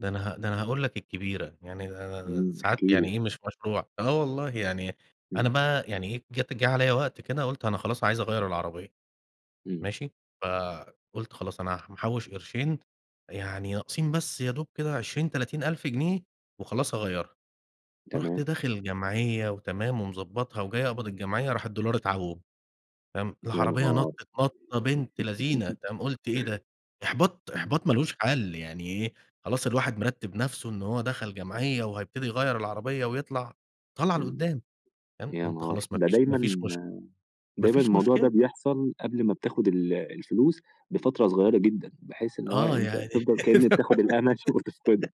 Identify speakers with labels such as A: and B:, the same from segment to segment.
A: ده أنا ه ده أنا هاقول لَك الكبيرة، يعني
B: إمم،
A: [unintelligible] ساعات
B: احكِ
A: يعني
B: لي.
A: إيه مش مشروع آه والله يعني أنا
B: إمم.
A: بقى يعني إيه، جات جه عليَّ وقت كده قلت أنا خلاص عايز أغيَّر العربية،
B: إمم.
A: ماشي. فقُلت خلاص أنا محوش قرشين، يعني ناقصين بس يا دوب كده 20، 30 ألف جنيه وخلاص هاغيَّرها. رُحت
B: تمام.
A: داخل جمعية وتمام ومضبطها وجاي أقبض الجمعية راح الدولار اتعوم، فاهم؟
B: يا
A: العربية
B: نهار!
A: نطت نطة بنت لذينة تمام؟ قلت إيه ده؟! إحباط،
B: امم.
A: إحباط ما لهوش حل يعني إيه، خلاص الواحد مرتب نفسه إن هو دخل جمعية وهيبتدي يغيّر العربية ويطلع طلعة لقدام، تمام.
B: يا
A: قُلت
B: نهار!
A: خلاص ما
B: ده
A: فيش ما
B: دايمًا
A: فيش مش
B: دايمًا
A: مافيش
B: الموضوع ده
A: مشكلة.
B: بيحصل قبل ما بتاخد ال الفلوس بفترة صغيرة جدًا، بحيث إن هو
A: آه،
B: أنتَ
A: يعني
B: تفضل كأنك بتاخد الأمل شو وتفقده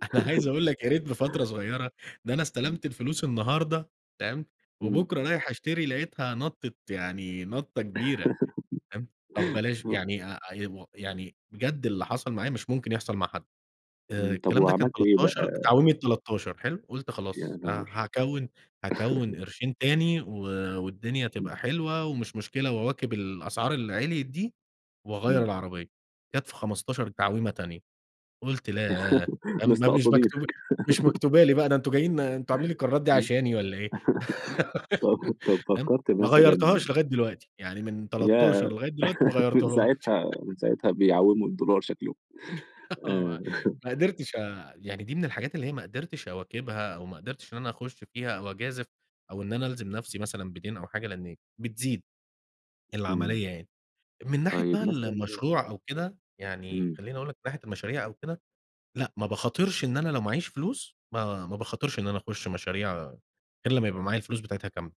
A: أنا عايز أقول لَك يا ريت بفترة صغيرة، ده أنا
B: امم.
A: استلمت الفلوس النهارده، تمام،
B: إمم.
A: وبُكرة رايح أشتري لقيتها نطت يعني نطة كبيرة، تمام. طب بلاش
B: آه.
A: يعني، آآ، [unintelligible] يعني بجد اللي حصل معايا مش ممكن يحصل مع حد! آآ،
B: إمم، طب
A: الكلام ده كان
B: وعملت إيه
A: 13،
B: بقى؟
A: تعويمة 13 حلو؟ قلت
B: يا
A: خلاص ه
B: نهار!
A: هاكوّن هاكوّن قرشين تاني و والدنيا تبقى
B: امم.
A: حلوة ومش مشكلة وأواكب الأسعار اللي عليت دي وأغيّر
B: إمم.
A: العربية. جات في 15 تعويمة تانية، قُلت لا ده ما مش
B: مستقصدينك،
A: مكتوبة مش مكتوبة لي بقى، ده أنتم جايين أنتم عاملين القرارات دي
B: امم
A: علشاني والَّا إيه؟!
B: طب طب
A: تمام.
B: فكرت
A: ما
B: مثلًا
A: غيرتهاش لغاية دلوقتي، يعني من
B: ياه!
A: 13 لغاية دلوقتي ما
B: من
A: غيرتهاش
B: ساعتها من ساعتها بيعوموا الدولار شكلهم.
A: آه، ما ما قدرتش أ دي من الحاجات اللي هي ما قدرتش أواكبها أو ما قدرتش إن أنا أخش فيها أو أجازف أو إن أنا ألزم نفسي مثلًا بدَين أو حاجة لأن بتزيد
B: إمم.
A: العملية يعني. من ناحية
B: طيب
A: بقى ال
B: متلًا
A: المشروع أو كده يعني
B: إمم.
A: خليني أقول لَك من ناحية المشاريع أو كده، لأ، ما باخاطرش إن أنا لو معايش فلوس، ما باخاطرش إن أنا أخش مشاريع، غير لما يبقى معايا الفلوس بتاعتها كاملة.